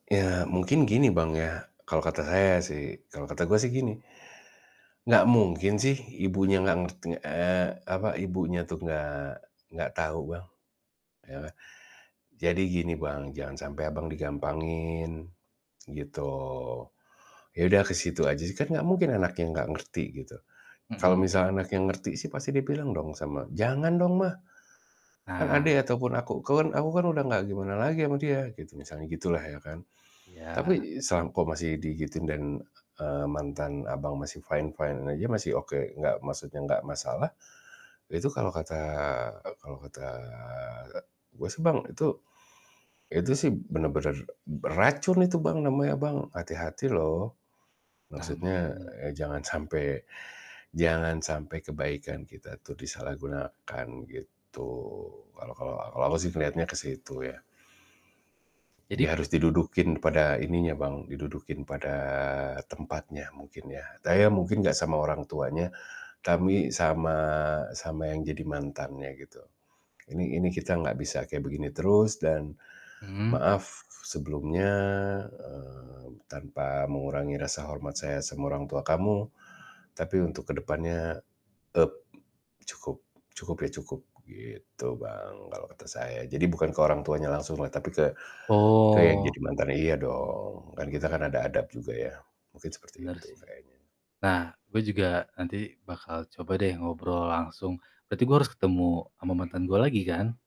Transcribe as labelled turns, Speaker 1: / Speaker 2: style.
Speaker 1: Ya, mungkin gini Bang, ya, kalau kata saya, sih, kalau kata gue, sih, gini, enggak mungkin, sih, ibunya enggak ngerti eee, apa, ibunya tuh enggak enggak tahu, Bang. Ya kan? Jadi, gini, Bang, jangan sampai Abang digampangin, gitu. Ya, udah ke situ aja, sih, kan enggak mungkin anaknya enggak ngerti, gitu. Kalau
Speaker 2: Mhm.
Speaker 1: misalnya anaknya ngerti, sih, pasti dia bilang dong sama, "Jangan, dong, mah! Kan
Speaker 2: Nah.
Speaker 1: adek ataupun aku, ke kan aku kan udah enggak gimana lagi ama dia," gitu, misalnya gitulah, ya, kan.
Speaker 2: Iya.
Speaker 1: Tapi, selang kok, masih digituin, dan, e eee, mantan Abang masih fine-fine aja, masih oke, enggak maksudnya nggak masalah. Itu kalau kata kalau kata, gua sih Bang itu itu sih benar-benar beracun itu Bang, namanya, Bang. Hati-hati, loh!
Speaker 2: Nah,
Speaker 1: Maksudnya,
Speaker 2: makanya
Speaker 1: ya jangan sampai jangan sampai kebaikan kita tuh disalahgunakan, gitu. Kalau kalau kalau aku sih ngelihatnya ke situ, ya. Jadi,
Speaker 2: jadi
Speaker 1: harus didudukin pada ininya, Bang, didudukin pada tempatnya, mungkin, ya. Saya mungkin enggak sama orang tuanya, tapi sama sama yang jadi mantannya, gitu. "Ini ini kita enggak bisa kayak begini terus, dan
Speaker 2: Mhm.
Speaker 1: maaf sebelumnya, mmm, tanpa mengurangi rasa hormat saya sama orang tua kamu, tapi untuk ke depannya, eee, cukup cukup, ya, cukup," gitu, Bang, kalau kata saya. Jadi, bukan ke orang tuanya langsunglah, tapi ke ke yang
Speaker 2: Oh.
Speaker 1: jadi mantannya iya dong. Kan kita
Speaker 2: Oke
Speaker 1: kan ada
Speaker 2: oke.
Speaker 1: adab juga, ya. Mungkin seperti
Speaker 2: Benar,
Speaker 1: itu
Speaker 2: sih.
Speaker 1: kayaknya.
Speaker 2: Nah, gue juga nanti bakal coba, deh, ngobrol langsung, berarti gue harus ketemu sama mantan gue lagi, kan?